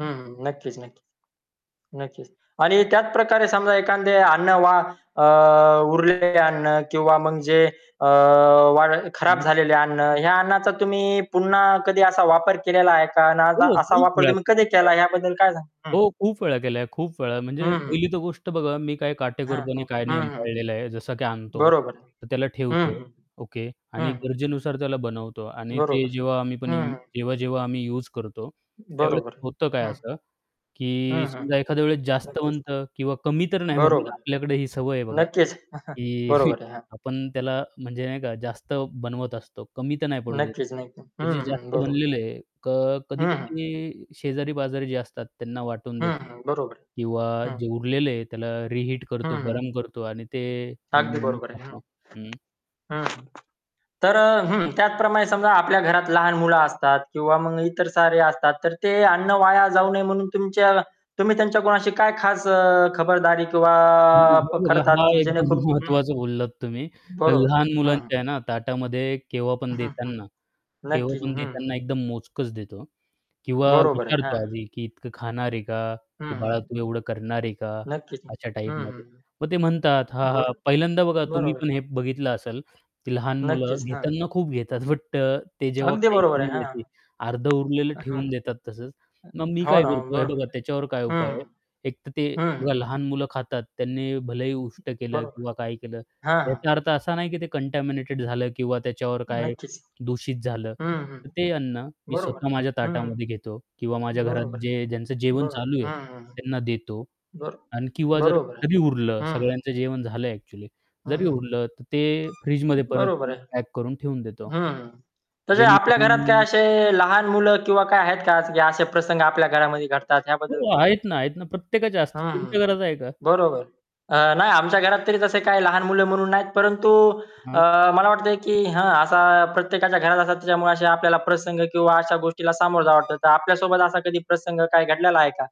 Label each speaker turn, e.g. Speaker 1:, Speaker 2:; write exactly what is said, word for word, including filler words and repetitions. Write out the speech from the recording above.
Speaker 1: हं, हं, नक्कीच-नक्कीच. नक्कीच आणि त्याचप्रकारे समजा एखांदे अन्न वा अ, उरलेले अन्न किंवा मग जे अ, वा खराब
Speaker 2: हं.
Speaker 1: झालेले अन्न, ह्या अन्नाचा तुम्ही पुन्हा कधी असा वापर केलेला आहे का? अन्
Speaker 2: हो,
Speaker 1: असा
Speaker 2: खूप
Speaker 1: वापर
Speaker 2: वेळा,
Speaker 1: तुम्ही कधी
Speaker 2: खूप वेळा.
Speaker 1: केला याबद्दल काय सांग हं.
Speaker 2: हो, खूप वेळा केलं आहे, खूप वेळा. म्हणजे
Speaker 1: हं, हं.
Speaker 2: पहिली तर गोष्ट बघा, मी काय
Speaker 1: हां,
Speaker 2: काटेकोरपणे
Speaker 1: हां,
Speaker 2: काय
Speaker 1: हं,
Speaker 2: नियम
Speaker 1: हं.
Speaker 2: पाळलेला आहे, जसं की आणतो,
Speaker 1: बरोबर आहे.
Speaker 2: तर त्याला
Speaker 1: हं,
Speaker 2: ठेवतो.
Speaker 1: हं,
Speaker 2: ओके. आणि
Speaker 1: हं, हं.
Speaker 2: गरजेनुसार त्याला बनवतो आणि ते
Speaker 1: बरोबर आहे.
Speaker 2: जेव्हा आम्ही पण यू
Speaker 1: हं, हं.
Speaker 2: जेव्हा-जेव्हा आम्ही यूज करतो त्यावेळेस
Speaker 1: बरोबर
Speaker 2: होतं काय
Speaker 1: आहे, हं.
Speaker 2: असं, की
Speaker 1: हं, हं,
Speaker 2: समजा एखाद्या वेळेस जास्त
Speaker 1: नक्कीच.
Speaker 2: बनतं किंवा कमी तर नाही बनत
Speaker 1: बरोबर,
Speaker 2: आपल्याकडे ही सवय आहे बघा,
Speaker 1: नक्कीच.
Speaker 2: की
Speaker 1: बरोबर आहे, हां.
Speaker 2: आपण त्याला म्हणजे नाही का जास्त बनवत असतो, कमी तर नाही पडू देत,
Speaker 1: नक्कीच, नक्कीच.
Speaker 2: तर जे
Speaker 1: हं, हं,
Speaker 2: जास्त
Speaker 1: बरोबर आहे.
Speaker 2: बनलेलं आहे, क
Speaker 1: हं, हं.
Speaker 2: कधी-कधी शेजारी-पाजारी जे असतात त्यांना वाटून
Speaker 1: हं,
Speaker 2: देतो
Speaker 1: हं, बरोबर
Speaker 2: किंवा
Speaker 1: आहे, हं.
Speaker 2: जे उरलेलं आहे त्याला रिहीट
Speaker 1: हं,
Speaker 2: करतो
Speaker 1: हं.
Speaker 2: गरम करतो आणि ते
Speaker 1: अगदी
Speaker 2: अन्न आम्ही
Speaker 1: बरोबर आहे, हं.
Speaker 2: खातो हं.
Speaker 1: हं. तर अ हं, त्याचप्रमाणे समजा आपल्या घरात लहान मुलं असतात किंवा मग इतर सारे असतात. तर ते अन्न वाया जाऊ नये म्हणून तुमच्या तुम्ही त्यांच्या कुणाशी काय खास अ, खबरदारी किंवा
Speaker 2: हं,
Speaker 1: प
Speaker 2: हे बघा,
Speaker 1: करतात,
Speaker 2: हा
Speaker 1: की
Speaker 2: एकदम
Speaker 1: जेणेकरून हं.
Speaker 2: महत्त्वाचं बोललात तुम्ही.
Speaker 1: बरोबर आहे.
Speaker 2: लहान
Speaker 1: हं, हं.
Speaker 2: मुलांच्या आहे ना, ताटामध्ये केव्हा पण
Speaker 1: हं, हं.
Speaker 2: देताना, केव्हा
Speaker 1: नक्कीच.
Speaker 2: पण
Speaker 1: हं, हं.
Speaker 2: देताना एकदम मोजकंच देतो हा, किंवा
Speaker 1: बरोबर आहे,
Speaker 2: विचारतो
Speaker 1: हां.
Speaker 2: आधी, की "इतकं खाणार आहे का?
Speaker 1: हं,
Speaker 2: की बाळा
Speaker 1: हं.
Speaker 2: तू एवढं करणार आहे का?"
Speaker 1: नक्कीच, हं,
Speaker 2: अशा
Speaker 1: हं,
Speaker 2: टाईपमध्ये.
Speaker 1: हं.
Speaker 2: मग ते म्हणतात, "हां, हां."
Speaker 1: बरो
Speaker 2: पहिल्यांदा बघा तुम्ही
Speaker 1: बरोबर
Speaker 2: पण
Speaker 1: आहे.
Speaker 2: हे बघितलं असेल, की लहान मुलं
Speaker 1: नक्कीच, हां.
Speaker 2: घेताना खूप घेतात बट अ, ते जेव्हा
Speaker 1: अगदी
Speaker 2: खायची
Speaker 1: बरोबर आहे,
Speaker 2: वेळ
Speaker 1: हां.
Speaker 2: येते, अर्धं उरलेलं
Speaker 1: हां, हां.
Speaker 2: ठेवून देतात तसंच. मग मी
Speaker 1: अ, हो
Speaker 2: काय
Speaker 1: ना, हो,
Speaker 2: करतो, हे बघा
Speaker 1: बरोबर आहे.
Speaker 2: त्याच्यावर काय
Speaker 1: हं,
Speaker 2: उपाय आहे, एक तर ते
Speaker 1: हं, हं, हं.
Speaker 2: बघा लहान मुलं खातात, त्यांनी भलेही उष्ट केलं
Speaker 1: बरोबर आहे.
Speaker 2: किंवा काय केलं,
Speaker 1: हां, हां.
Speaker 2: याचा अर्थ असा नाही की ते कंटॅमिनेटेड झालं किंवा त्याच्यावर काय
Speaker 1: नक्कीच.
Speaker 2: दूषित झालं
Speaker 1: हं, हं.
Speaker 2: तर ते अन्न मी
Speaker 1: बरोबर
Speaker 2: स्वतः
Speaker 1: आहे.
Speaker 2: माझ्या
Speaker 1: हं, हं.
Speaker 2: ताटामध्ये घेतो किंवा माझ्या घरात
Speaker 1: बरोबर आहे,
Speaker 2: जे ज्यांचं जेवण
Speaker 1: बरोबर.
Speaker 2: चालू आहे
Speaker 1: हं, हं.
Speaker 2: त्यांना देतो
Speaker 1: बरो
Speaker 2: आणि किंवा जर
Speaker 1: बरोबर आहे.
Speaker 2: जरी उरलं
Speaker 1: हं, हं.
Speaker 2: सगळ्यांचं जेवण झालं आहे एक्चुअली,
Speaker 1: हं,
Speaker 2: जरी
Speaker 1: हं.
Speaker 2: उरलं तर ते फ्रीजमध्ये परत
Speaker 1: बरोबर
Speaker 2: त्यांना
Speaker 1: आहे.
Speaker 2: पॅक करून ठेवून देतो,
Speaker 1: हं, हं. तसे आपल्या घरात
Speaker 2: जेणेकरून
Speaker 1: काय असे लहान मुलं किंवा काय आहेत का की असे प्रसंग आपल्या घरामध्ये घडतात? याबद्दल
Speaker 2: हो,
Speaker 1: काय
Speaker 2: आहेत ना, आहेत ना. प्रत्येकाच्या
Speaker 1: हं,
Speaker 2: असतात,
Speaker 1: हं.
Speaker 2: तुमच्या घरात आहे का?
Speaker 1: बरोबर. अ, नाही, आमच्या घरात तरी तसे काही लहान मुलं म्हणून नाहीत. परंतु अ,
Speaker 2: हं.
Speaker 1: मला वाटतयं, की हां, असा प्रत्येकाच्या घरात असतात त्याच्यामुळे आपल्याला प्रसंग किंवा अशा गोष्टीला सामोर जावं वाटतं. तर आपल्यासोबत असा कधी प्रसंग काय घडलेला आहे का?